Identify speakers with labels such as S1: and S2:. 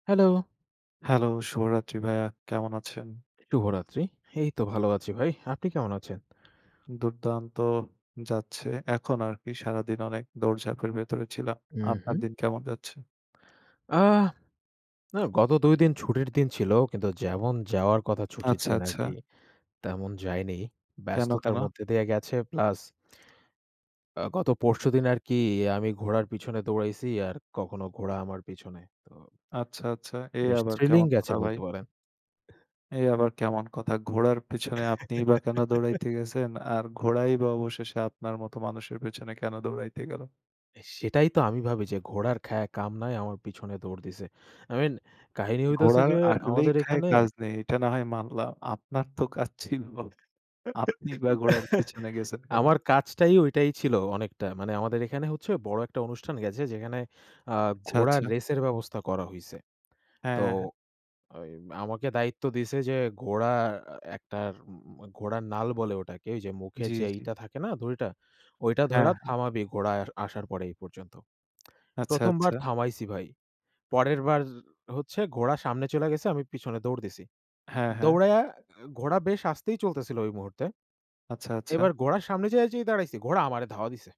S1: Hello?
S2: Hello! শুভ রাত্রি ভাইয়া, কেমন আছেন?
S1: শুভরাত্রি। এই তো ভালো আছি ভাই। আপনি কেমন আছেন?
S2: দুর্দান্ত যাচ্ছে, এখন আর কি। সারাদিন অনেক দৌড়ঝাঁপের ভেতরে ছিলাম।
S1: হু,
S2: আপনার
S1: হু।
S2: দিন কেমন যাচ্ছে?
S1: আ না, গত ২ দিন ছুটির দিন ছিল, কিন্তু যেমন যাওয়ার কথা ছুটির
S2: আচ্ছা,
S1: দিন আর কি
S2: আচ্ছা।
S1: তেমন যায়নি।
S2: কেন,
S1: ব্যস্ততার
S2: কেন?
S1: মধ্যে দিয়ে গেছে প্লাস আ গত পরশুদিন আর কি আমি ঘোড়ার পিছনে দৌড়াইছি আর কখনো ঘোড়া আমার পেছনে। তো
S2: আচ্ছা, আচ্ছা, এ
S1: বেশ
S2: আবার
S1: থ্রিলিং
S2: কেমন
S1: গেছে
S2: কথা ভাই?
S1: বলতে পারেন।
S2: এ আবার কেমন কথা, ঘোড়ার পেছনে আপনিই বা কেন দৌড়াইতে গেছেন, আর ঘোড়াই বা অবশেষে আপনার মতো মানুষের পেছনে কেন দৌড়াইতে গেল?
S1: সেটাই তো আমি ভাবি যে ঘোড়ার খায়া কাম নাই, আমার পিছনে দৌড় দিছে। আই মিন কাহিনী হইতেছে
S2: ঘোড়ার
S1: যে
S2: আসলেই
S1: আমাদের
S2: খায়
S1: এখানে
S2: কাজ নেই। এটা না হয় মানলাম। আপনার তো কাজ ছিল। আপনি বা ঘোড়ার পেছনে গেছেন কেন?
S1: আমার কাজটাই ওইটাই ছিল অনেকটা। মানে আমাদের এখানে হচ্ছে বড় একটা অনুষ্ঠান গেছে। যেখানে আ
S2: আচ্ছা, আচ্ছা।
S1: ঘোড়ার রেসের ব্যবস্থা করা হইছে। তো
S2: হ্যাঁ, হ্যাঁ।
S1: ওই আমাকে দায়িত্ব দিছে যে, ঘোড়া আ আ একটার ম ম ঘোড়ার নাল বলে ওটাকে। ওই যে মুখে
S2: জি,
S1: যে, ই
S2: জি।
S1: টা থাকে না দড়িটা? ওইটা
S2: হ্যাঁ,
S1: ধইরা
S2: হ্যাঁ।
S1: থামাবি ঘোড়ায় আসার পর এই পর্যন্ত।
S2: আচ্ছা,
S1: প্রথমবার
S2: আচ্ছা।
S1: থামাইছি ভাই। পরেরবার হচ্ছে ঘোড়া সামনে চইলা গেছে আমি পিছনে দৌড় দিছি!
S2: হ্যাঁ, হ্যাঁ।
S1: দৌড়াইয়া ঘোড়া বেশ আস্তেই চলতেছিল ওই মুহূর্তে।
S2: আচ্ছা,
S1: এবার
S2: আচ্ছা।
S1: ঘোড়ার সামনে যেই যায়া দাঁড়াইছি, ঘোড়া আমারে ধাওয়া দিছে।